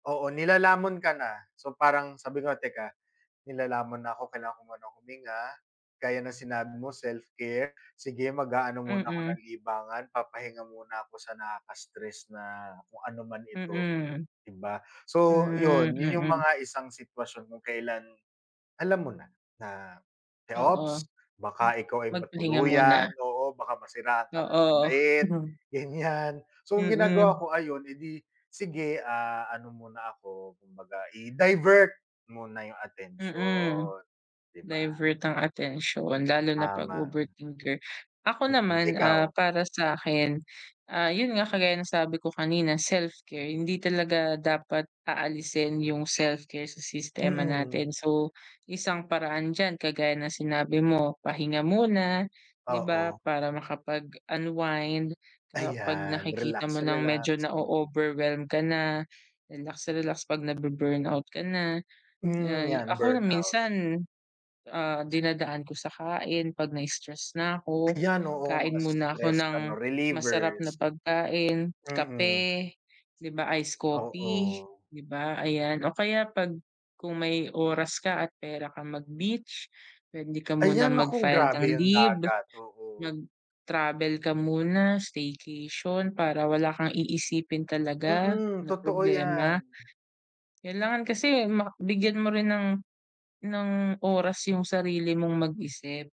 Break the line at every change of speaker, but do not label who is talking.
Oo, nilalamon ka na. So parang sabi ko, "Teka, nilalamon na ako. Kailangan ko munang huminga." Gaya ng sinabi mo self-care. Sige, mag-aano muna ako
Mm.
ng libangan, papahinga muna ako sa nakaka-stress na kung ano man ito,
Mm.
di ba? So
Hmm,
yun. Yun yung
mm.
mga isang sitwasyon kung kailan, alam mo na, na te,
Oo.
ops. Baka ikaw ay
Magpahinga muna.
matuluyan. Oo, baka masiraan ka ng
Oo.
bait, ganiyan. So, ginagawa
Mm.
ko, ayun, edi sige, ah, ano muna ako, kumbaga i-divert muna yung
Mm.
atensiyon. Di ba?
Divert ang atensiyon lalo na 'pag
Tama.
overthinker. Ako
Mm,
naman, ah,
ikaw?
para sa'kin, ah, yun nga, kagaya ng sabi ko kanina self-care. Hindi talaga dapat aalisin yung self-care sa sistema
Mm.
natin. So, isang paraan diyan kagaya ng sinabi mo pahinga muna, di ba?
Oo.
Para makapag-unwind, ah, 'pag
Ayan,
nakikita mo nang medyo
relax-relax. Mm.
na-o-overwhelmed ka na, relax-relax 'pag nabu-burnout ka na.
Hmm.
Ay,
'Yan,
ako,
burnout.
minsan, ah, dinadaan ko sa kain, 'pag na-stress na ako,
Ayan, oo. Mga
kain muna ako
stress
ng
ano,
masarap na
relievers.
pagkain,
Mm.
kape, di ba ice coffee,
Oo.
di ba ayan. O kaya 'pag kung may oras ka at pera kang mag-beach, puwede ka muna
Ayan. Naku,
mag-file ng
grabe 'yang
leave,
dagat, oo.
mag-travel ka muna, staycation, para wala kang iisipin talaga
Mm,
na
totoo
problema.
'yan.
Kailangan kasi ma bigyan mo rin ng ng oras yung sarili mong mag-isip.